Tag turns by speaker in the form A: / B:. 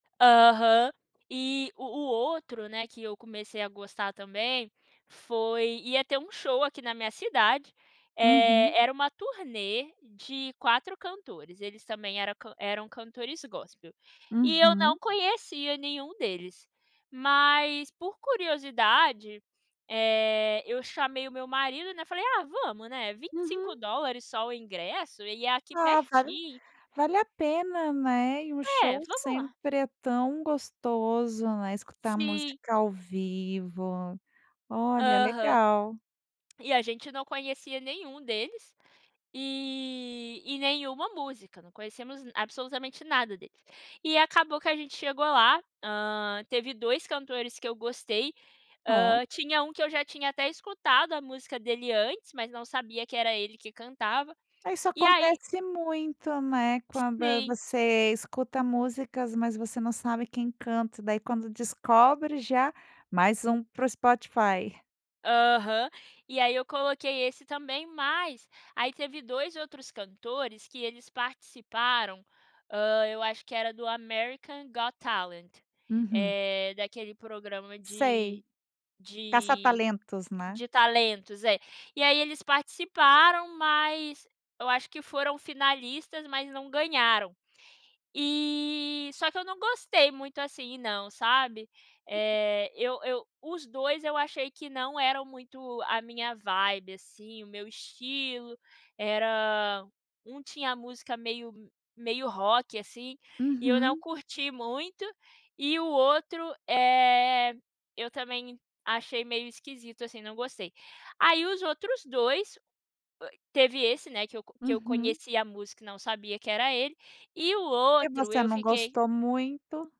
A: Aham, e, o o outro, né, que eu comecei a gostar também, foi ia ter um show aqui na minha cidade, é,
B: Uhum.
A: era uma turnê de 4 cantores, eles também era eram cantores gospel. E eu não
B: Uhum.
A: conhecia nenhum deles. Mas por curiosidade, eh, eu chamei o meu marido, né, falei, ah, vamos, né, vinte e
B: Uhum.
A: cinco dólares só o ingresso, e é aqui
B: Ah, vale
A: pertinho.
B: vale a pena, né, e o
A: É,
B: show
A: vamos lá.
B: sempre é tão gostoso, né, escutar
A: Sim.
B: música ao vivo, olha
A: Aham.
B: legal.
A: E a gente não conhecia nenhum deles e e nenhuma música, não conhecemos absolutamente nada dele. E acabou que a gente chegou lá, hã, teve 2 cantores que eu gostei,
B: Ó.
A: hã, tinha um que eu já tinha até escutado a música dele antes, mas não sabia que era ele que cantava.
B: Isso
A: E aí
B: acontece muito, né, quando
A: Sim.
B: você escuta músicas mas você não sabe quem canta daí quando descobre já, mais um para o Spotify.
A: Aham. E aí eu coloquei esse também, mas aí teve 2 outros cantores que eles participaram, hã, eu acho que era do American Got Talent,
B: Uhum.
A: eh, daquele programa
B: Sei.
A: de
B: Caça
A: de
B: talentos, né?
A: de talentos, é, e aí eles participaram, mas eu acho que foram finalistas, mas não ganharam. E, só que eu não gostei muito assim não, sabe?
B: [unintelligible]
A: É, eu eu os dois eu achei que não eram muito a minha vibe assim, o meu estilo. Era um tinha a música meio meio rock assim e eu não
B: Uhum.
A: curti muito e o outro, eh, eu também achei meio esquisito assim, não gostei. Aí os outros dois, teve esse né, que eu que eu
B: Uhum.
A: conhecia a música e não sabia que era ele, e o
B: E
A: outro
B: você
A: eu
B: não
A: fiquei
B: gostou muito?